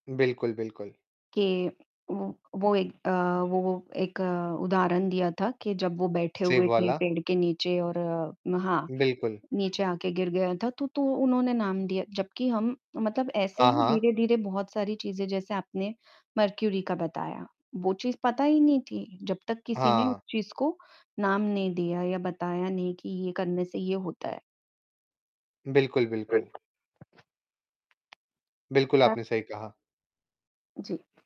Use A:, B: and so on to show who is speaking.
A: बिल्कुल, बिल्कुल।
B: कि वो वो एक अ, वो एक उदाहरण दिया था कि जब वो बैठे
A: सेब
B: हुए थे
A: वाला?
B: पेड़ के नीचे और हाँ,
A: बिल्कुल।
B: नीचे आके गिर गया था, तो तो उन्होंने नाम दिया, जबकि हम मतलब ऐसे
A: हाँ,
B: ही
A: हाँ।
B: धीरे-धीरे बहुत सारी चीज़ें जैसे आपने मर्करी का बताया, वो चीज़ पता ही नहीं थी जब तक किसी ने उस
A: हाँ।
B: चीज़ को नाम नहीं दिया या बताया नहीं कि ये करने से ये होता है।
A: बिल्कुल, बिल्कुल। बिल्कुल, आपने
B: [unintelligible]
A: सही कहा।
B: जी।